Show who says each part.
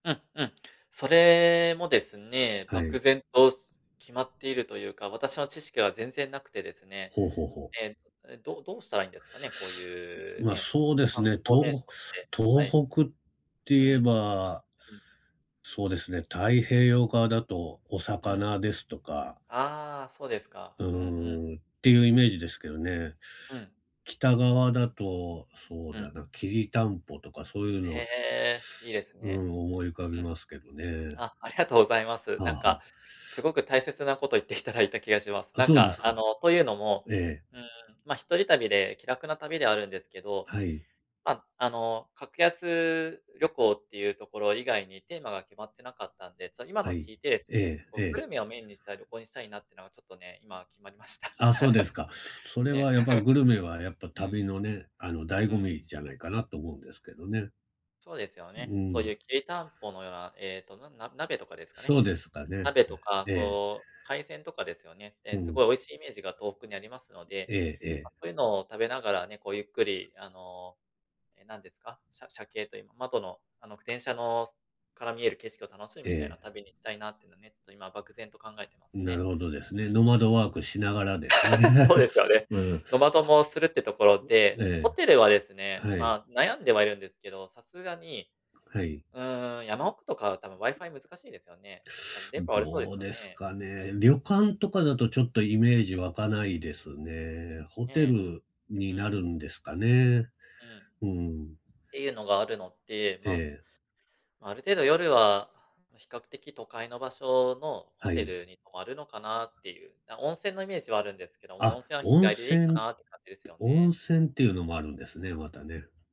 Speaker 1: うんうん。それもですね、
Speaker 2: は
Speaker 1: 漠
Speaker 2: い。
Speaker 1: 然と、す決まっているというか、私の知識は全然なくてですね、
Speaker 2: ほうほうほう。
Speaker 1: ええ、え、どどうしたらいいんですかね？こうい
Speaker 2: う
Speaker 1: う
Speaker 2: ま、
Speaker 1: ね、
Speaker 2: そうです
Speaker 1: 観
Speaker 2: ね、
Speaker 1: 光名所
Speaker 2: とう
Speaker 1: ってはい。
Speaker 2: 東北って
Speaker 1: うん。
Speaker 2: 言え
Speaker 1: う
Speaker 2: ば、
Speaker 1: ん。
Speaker 2: そうですね、太平洋側だとお
Speaker 1: うん。
Speaker 2: 魚ですとか
Speaker 1: ああ、そうですか、
Speaker 2: う
Speaker 1: うんうん。
Speaker 2: ーん、っていうイメージですけどね。
Speaker 1: うん。
Speaker 2: 北側だと、そう
Speaker 1: う
Speaker 2: だ
Speaker 1: ん。
Speaker 2: な、きりたんぽとかそういう
Speaker 1: へ
Speaker 2: の、し
Speaker 1: え、いいです
Speaker 2: うー
Speaker 1: ね。
Speaker 2: ん、思い浮か
Speaker 1: う
Speaker 2: び
Speaker 1: ん。
Speaker 2: ますけどね。
Speaker 1: あ、ありがとうございます。
Speaker 2: はあ
Speaker 1: なん
Speaker 2: はあ。
Speaker 1: か、すごく大
Speaker 2: う
Speaker 1: 切なこと言っていただいた気がします。
Speaker 2: あ、
Speaker 1: なん
Speaker 2: そうで
Speaker 1: か、
Speaker 2: すか。
Speaker 1: あの、というのも、
Speaker 2: ええ。
Speaker 1: うーん、ま、一人旅で気楽な旅ではあるんですけど、
Speaker 2: はい。
Speaker 1: ま、あの、格安旅行っていうところ以外にテーマが決まってなかったんで、そ、今
Speaker 2: は
Speaker 1: の
Speaker 2: い。
Speaker 1: 聞いてです
Speaker 2: え
Speaker 1: ね、
Speaker 2: え、
Speaker 1: こ
Speaker 2: え
Speaker 1: う
Speaker 2: え。
Speaker 1: グルメをメインにした旅行にしたいなってのがちょっとね、今決まりました。
Speaker 2: あ、そうですか。それ
Speaker 1: ね。
Speaker 2: はやっぱグルメはやっ ぱ
Speaker 1: うん。
Speaker 2: 旅のね、あの、醍
Speaker 1: う
Speaker 2: 醐
Speaker 1: ん。
Speaker 2: 味じゃないかなと思うんですけどね。
Speaker 1: そうですよ
Speaker 2: う
Speaker 1: ね、そう
Speaker 2: ん。
Speaker 1: いうきりたんぽのような、ええと、なんな鍋とかですかね？
Speaker 2: そうですかね。
Speaker 1: 鍋とか、
Speaker 2: ええ、ええ。
Speaker 1: そう、海鮮とかですよね。ええ、
Speaker 2: う
Speaker 1: す
Speaker 2: ん。
Speaker 1: ごい美味しいイメージが東北にありますので、
Speaker 2: えええ
Speaker 1: ま、
Speaker 2: え。
Speaker 1: そういうのを食べながらね、こうゆっくりあの、ええなんですか、しゃしゃけいという、ま窓のあの、く電車のすから見える景色を楽しむ、みたいな
Speaker 2: ええ。
Speaker 1: 旅にしたいなっていうのね、と今漠然と考えてま
Speaker 2: う
Speaker 1: す
Speaker 2: なる
Speaker 1: ね。
Speaker 2: ほどですね。ノ
Speaker 1: う
Speaker 2: マ
Speaker 1: んうん。
Speaker 2: ドワークしながらですね、
Speaker 1: そうですよ ね。
Speaker 2: ううん。
Speaker 1: ノマドもするってところ
Speaker 2: う
Speaker 1: で、
Speaker 2: ええ、
Speaker 1: ホテルはですね、
Speaker 2: はい。
Speaker 1: まあ、悩んではいるんですけど、さすがに、
Speaker 2: はい。
Speaker 1: うーん、山奥とかはたぶん WiFi 難しいですよね？たぶん電
Speaker 2: ん、
Speaker 1: 波悪そうで
Speaker 2: ど
Speaker 1: す
Speaker 2: う
Speaker 1: よ
Speaker 2: です
Speaker 1: ね。
Speaker 2: かね。旅
Speaker 1: うん。
Speaker 2: 館とかだとちょっとイメージ湧かないですね。ホテ
Speaker 1: ね、
Speaker 2: ルに
Speaker 1: う
Speaker 2: な
Speaker 1: ん。
Speaker 2: るんですかね。
Speaker 1: うん。
Speaker 2: うーん。
Speaker 1: ていうのがあるのって、まあ、す
Speaker 2: ええ。
Speaker 1: ある程度夜は、比較的都会の場所のホ
Speaker 2: は
Speaker 1: テ
Speaker 2: い。
Speaker 1: ルに泊まるのかなっていう、な、温泉のイメージはあるんですけども、
Speaker 2: あ、
Speaker 1: 温泉は日
Speaker 2: 温
Speaker 1: 帰りでいいか
Speaker 2: 泉
Speaker 1: なって感じですよ
Speaker 2: 温
Speaker 1: ね。
Speaker 2: 泉っていうのもあるんですね、またね。